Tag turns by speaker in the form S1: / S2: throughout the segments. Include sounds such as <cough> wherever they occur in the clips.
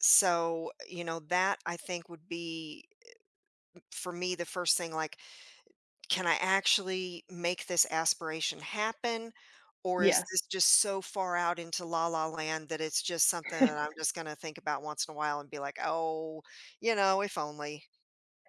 S1: So, u you know that, I think would be, u m for me the first thing, like, "Can I actually make this aspiration happen," or is this
S2: Yes.
S1: just so far out into la, la, land that it's just something that
S2: <chuckles>
S1: I'm just gonna think about once in a while, and be, like, "Oh, you know, if only"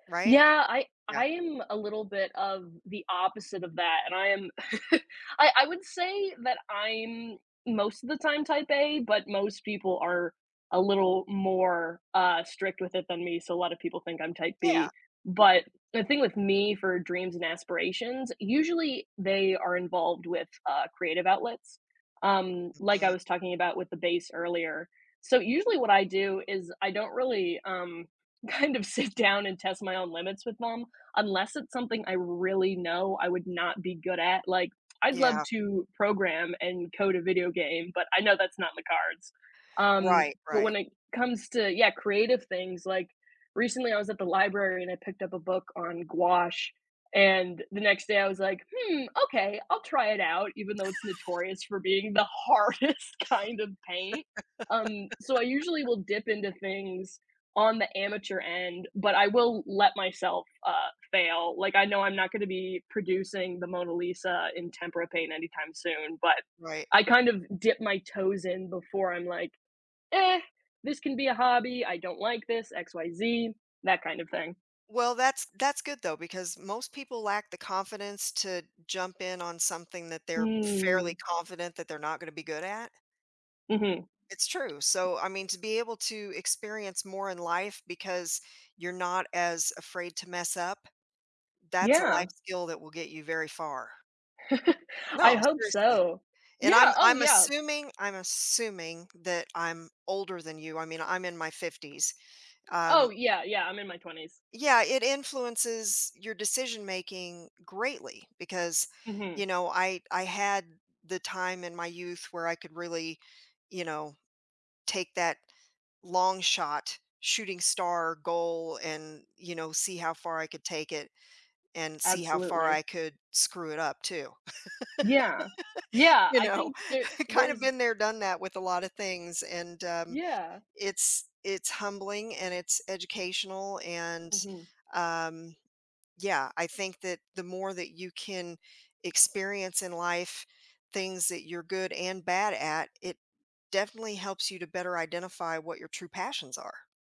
S1: right,
S2: Yeah, I
S1: yeah.
S2: I am a little bit of the opposite of that, and I am <chuckles> I I would say that, I'm most of the time type A, but most people are a little more, uh, strict with it than me, so, a lot of people think I'm type
S1: Yeah.
S2: B. But the thing with me for dreams and aspirations, usually they are involved with, uh, creative outlets, um, like, I
S1: Mhm.
S2: was talking about with the bass earlier. So usually what I do is I don't really, um kind of sit down, and test my own limits with them, unless it's something I really know I would not be good at, like, I'd love
S1: Yeah.
S2: to program, and code a video game, but I know that's not in the cards, um,
S1: Right,
S2: but when
S1: right.
S2: it comes to yeah, creative things, like, recently I was at the library and I picked up a book on gouache, and the next day I was, like, "Hmm, okay, I'll try it out," even though it's
S1: <laughs>
S2: notorious for being the hardest kind of paint, um, so, I usually
S1: <laughs>
S2: will dip into things on the amateur end, but I will let myself, uh, fail. Like, I know I'm not gonna be producing the Mona Lisa in tempera paint anytime soon, but
S1: Right.
S2: I kind of dip my toes in before I'm like, "Eh, this can be a hobby. I don't like this, X, Y, Z, that kind of thing."
S1: Well, that's that's good though, because most people lack the confidence to jump in on something that they're fairly
S2: Mm.
S1: confident that they're not gonna be good at.
S2: Mhm.
S1: It's true, so, I mean to be able to experience more in life because you're not as afraid to mess up, that's a
S2: Yeah.
S1: life skill that will get you very far.
S2: <chuckles> I
S1: No,
S2: hope
S1: seriously,
S2: so
S1: and
S2: Yeah,
S1: I'm
S2: oh,
S1: I'm
S2: yeah.
S1: assuming I'm assuming that I'm older than you, I mean, I'm in my 50s,
S2: Oh,
S1: um
S2: yeah, yeah, I'm in my 20s.
S1: Yeah, it influences your decision making greatly because,
S2: Mhm.
S1: you know, I I had the time in my youth where I could really, you know, take that long shot shooting star goal, and, you know, see how far I could take it, and see how far
S2: Absolutely.
S1: I could screw it up too.
S2: Yeah,
S1: <laughs>
S2: yeah,
S1: You
S2: I
S1: know,
S2: think there
S1: I kinda
S2: there's
S1: been there done that with a lotta things and, um,
S2: Yeah.
S1: it's it's humbling, and it's educational, and,
S2: Mhm.
S1: um, yeah, I think that the more that you can experience in life things that you're good and bad at it definitely helps you to better identify what your true passions are.